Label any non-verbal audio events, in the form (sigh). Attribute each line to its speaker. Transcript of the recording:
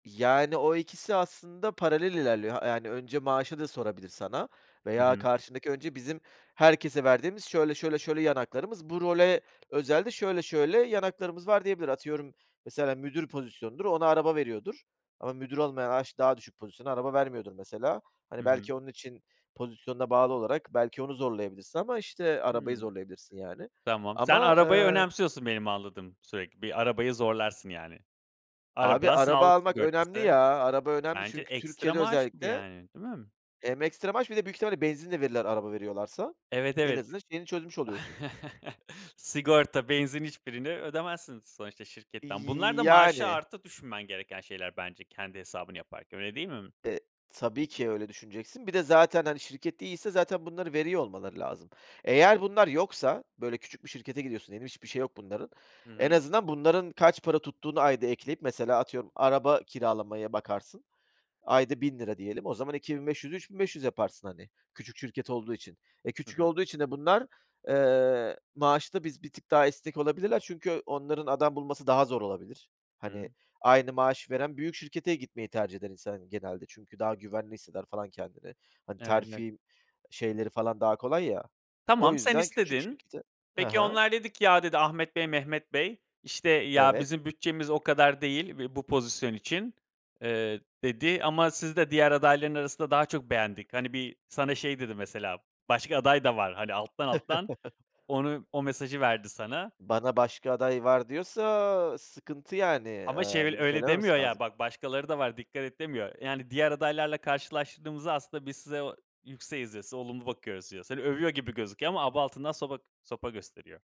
Speaker 1: Yani, o ikisi aslında paralel ilerliyor. Ha, yani, önce maaşı da sorabilir sana,
Speaker 2: Hı
Speaker 1: veya
Speaker 2: hı.
Speaker 1: karşındaki önce bizim herkese verdiğimiz, şöyle, şöyle, şöyle, yan haklarımız, bu role özel de, şöyle, şöyle, yan haklarımız var, diyebilir. Atıyorum, mesela müdür pozisyonudur, ona araba veriyordur, ama müdür olmayana a işte, daha düşük pozisyona araba vermiyordur mesela,
Speaker 2: Hı
Speaker 1: hani,
Speaker 2: hı.
Speaker 1: belki, onun için, pozisyonuna bağlı olarak, belki onu zorlayabilirsin ama, işte, arabayı
Speaker 2: Hımm.
Speaker 1: zorlayabilirsin, yani,
Speaker 2: Tamam, sen
Speaker 1: ama,
Speaker 2: arabayı
Speaker 1: ııı
Speaker 2: önemsiyorsun benim anladığım, sürekli, bir arabayı zorlarsın, yani.
Speaker 1: Abi
Speaker 2: Araba,
Speaker 1: araba
Speaker 2: sağlık
Speaker 1: almak önemli
Speaker 2: sigortası.
Speaker 1: ya, araba önemli,
Speaker 2: Bence
Speaker 1: çünkü
Speaker 2: ekstra
Speaker 1: Türkiye'de
Speaker 2: maaş gibi,
Speaker 1: özellikle,
Speaker 2: yani, değil mi?
Speaker 1: hem ekstra maaş, bir de büyük ihtimalle benzin de verirler araba veriyorlarsa,
Speaker 2: Evet,
Speaker 1: en
Speaker 2: evet.
Speaker 1: azından şeyini çözmüş oluyorsun.
Speaker 2: (chuckles) Sigorta, benzin hiçbirini ödemezsin, sonuçta şirketten. Bunlar da, maaşa
Speaker 1: Yani.
Speaker 2: artı düşünmen gereken şeyler bence, kendi hesabını yaparken, öyle değil mi?
Speaker 1: Eee, tabii ki, öyle düşüneceksin, bir de zaten, hani, şirket de iyiyse, zaten bunları veriyor olmaları lazım. Eğer bunlar yoksa, böyle, küçük bir şirkete gidiyorsun diyelim, hiçbir şeyi yok bunların.
Speaker 2: Hı
Speaker 1: En
Speaker 2: hı.
Speaker 1: azından, bunların kaç para tuttuğunu ayda ekleyip, mesela, atıyorum, araba kiralamaya bakarsın. Ayda ₺1000 diyelim. O zaman, 2500'ü 3.500 yaparsın, hani. Küçük şirket olduğu için. E,
Speaker 2: Hı
Speaker 1: küçük
Speaker 2: hı.
Speaker 1: olduğu için de bunlar, eee, maaşta, biz bir tık daha esnek olabilirler, çünkü onların adam bulması daha zor olabilir. Hani,
Speaker 2: Hımm.
Speaker 1: aynı maaşı veren, büyük şirkete gitmeyi tercih eder insan, hani, genelde. Çünkü, daha güvenli hisseder falan kendini. Hani,
Speaker 2: Evet, net.
Speaker 1: terfi şeyleri falan daha kolay ya. O
Speaker 2: Tamam, sen
Speaker 1: yüzden, küçük
Speaker 2: istedin.
Speaker 1: şirkete Ha
Speaker 2: Peki,
Speaker 1: ha.
Speaker 2: onlar dedi ki "Ya." dedi "Ahmet Bey, Mehmet Bey." işte "Ya
Speaker 1: Evet.
Speaker 2: bizim bütçemiz o kadar değil ve bu pozisyon için." eee, dedi "Ama sizi de diğer adayların arasında daha çok beğendik." Hani, bir, sana şey dedi mesela, başka aday da var, hani, alttan, alttan,
Speaker 1: (chuckles)
Speaker 2: onu, o mesajı verdi sana.
Speaker 1: Bana başka aday var diyorsa, sıkıntı yani,
Speaker 2: Ama şey,
Speaker 1: aaa,
Speaker 2: böyle,
Speaker 1: bunu
Speaker 2: öyle demiyor,
Speaker 1: söylememesi
Speaker 2: ya
Speaker 1: lazım.
Speaker 2: bak başkaları da var, dikkat et demiyor. Yani, diğer adaylarla karşılaştırdığımızda, aslında biz size o, yükseğiz diyor, olumlu bakıyoruz diyor. Seni övüyor gibi gözüküyor ama, aba altından soba sopa gösteriyor.